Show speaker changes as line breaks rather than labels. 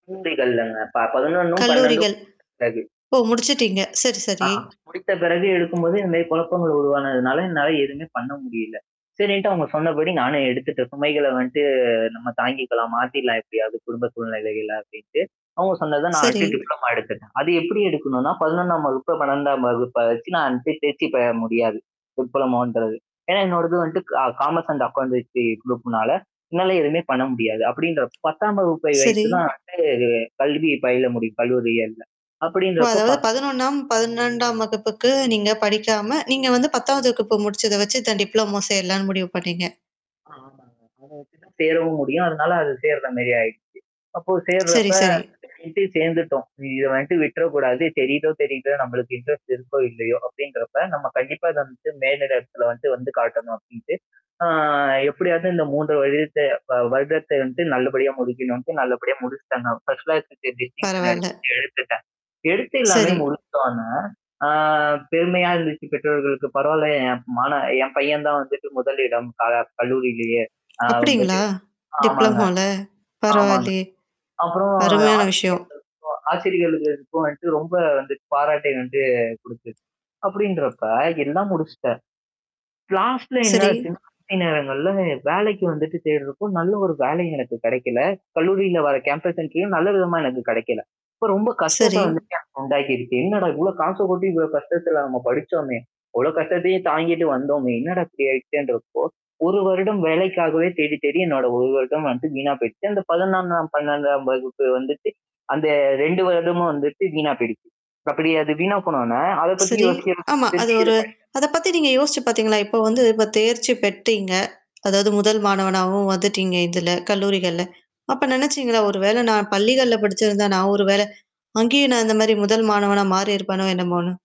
[unintelligible] ப 11ம் 12ம்
கல்லூரிகள்.
[unintelligible] பிறகு.
ஓ! முடிச்சுட்டீங்க. சரி,
அ. ஆ
சரி.
முடித்த பிறகு இருக்கும்போது நெறைய குழப்பங்கள் உருவானதுனால, என்னால எதுவுமே பண்ண முடியல. சரின்ட்டு அவங்க சொன்னபடி நானும் எடுத்துட்டேன், சுமைகள வந்துட்டு நம்ம தாங்கிக்கலாம். மாத்திடலாம் எப்படியாவது குடும்ப சூழ்நிலைகள அப்படின்ட்டு, அவங்க சொன்னத நான்
சரி.
எடுத்து டிப்ளமா எடுத்துட்டேன். அது எப்படி எடுக்கணும்னா, 11ஆம் வகுப்பு, 12ஆம் வகுப்ப வச்சு நான் தே தேர்ச்சி பெற முடியாது, டிப்ளோமோன்றது. ஏன்னா, என்னோடது வந்துட்டு கா காமர்ஸ் அண்ட் அக்கவுண்டன்சி குரூப்னால, என்னால எதுவுமே பண்ண முடியாது. அப்படின்றப்போ, 10ஆம் வகுப்பை
சரி.
வைத்து தான் [unintelligible] கல்வி பயில முடியும் கல்லூரியிகள்ல.
ஓ!
அப்படின்றப்ப
அதாவது
பத்
11ம்,
[unintelligible]
12ம் வகுப்புக்கு நீங்க படிக்காம, நீங்க வந்து 10வது வகுப்பு முடிச்சத வச்சு இந்த டிப்ளோமோ சேரலாம்ன்னு முடிவு பண்ணீங்க.
ஆமாங்க. அத வச்சு தான் சேரவும் முடியும். அதனால அது சேர்ற மாரி ஆயிடுச்சு. அப்போ
சரி,
சேர்றப்ப
சரி.
[unintelligible] சேர்ந்துட்டோம். இத வன்ட்டு விட்டுறக்கூடாது தெரியுதோ தெரியுதோ, நம்பளுக்கு இன்ட்ரெஸ்ட் இருக்கோ! இல்லையோ! அப்படின்றப்ப, நம்ம கண்டிப்பா இத வந்துட்டு மேலிட இடத்தல வந்து வந்து காட்டணும் அப்படின்ட்டு, ஆ எப்படியாவது இந்த 3 வருடத்த வ வருடத்த வந்துட்டு நல்லபடியா முடிக்கணுன்ட்டு, நல்லபடியா முடிச்சுட்டேன். நான் ஃபர்ஸ்ட் கிளாஸ் டிஸிடிங்ஷன்
பரவால்ல.
எடுத்துட்டு [unintelligible] எடுத்து எல்லாமே
சரி.
முடித்தோன, ஆ பெருமையா இருந்துச்சு பெற்றவர்களுக்கு "பரவால்ல என் மான என் பையன் தான் வந்துட்டு முதலிடம் க கல்லூரியிலேயே. அ
அப்படிங்களா?
வந்துட்டு" ஆமாங்க.
டிப்ளமோல.
ஆமாங்க.
பரவால்லயே!
அப்புறம்
அருமையான விஷயம்.
ஆசிரியர்களுக்கும் ஆசிரியைகளுக்கும் வந்துட்டு ரொம்ப வந்துட்டு பாராட்டை வந்து குடுத்துது. அப்படின்றப்ப, எல்லாம் முடிச்சுட்டேன். லாஸ்ட்ல
சரி.
என்னாச்சுன்னா [unintelligible] நேரங்கள்ல, வேலைக்கு வந்துட்டு தேடுறப்போ, நல்ல ஒரு வேலையும் எனக்கு கிடைக்கல. கல்லூரியில வர கேம்பஸ் இன்டர்வ்யூவும் நல்ல விதமா எனக்கு கிடைக்கல. அப்ப ரொம்ப கஷ்டத்த
சரி.
வந்துட்டு எனக்கு உண்டாக்கிருக்கு. என்னடா இவ்வளோ காச கொட்டி, இவ்வளோ கஷ்டத்துல நம்ம படிச்சோமே! இவ்வளோ கஷ்டத்தையும் தாங்கிட்டு வந்தோமே! என்னடா இப்படி ஆயிடுச்சேன்றப்போ, 1 வருடம் வேலைக்காகவே தேடி தேடி என்னோட 1 வருடம் வந்து வீணா போயிருச்சு. அந்த 11ஆம் வகுப்பு, 12 வகுப்பு வந்துட்டு, அந்த 2 வருடமும் வந்துட்டு வீணா போயிடுச்சு. அப்படி அது வீணா போனோன்ன, அத பத்தி
சரி, ஆமா, அது
யோசிச்சு
ஒரு
[unintelligible]
அத பத்தி நீங்க யோசிச்சு பார்த்தீங்களா? இப்போ வந்து இப்ப தேர்ச்சி பெற்றீங்க. அதாவது முதல் மாணவனாவும் வந்துட்டீங்க இதுல, கல்லூரிகள்ல. அப்ப நெனச்சீங்களா, ஒரு வேள நான் பள்ளிகள்ல படிச்சிருந்தா நான் ஒரு வேளை, அங்கேயும் நான் இந்த மாரி முதல் மாணவனா மாறியிருப்பனோ, என்னமோன்னு?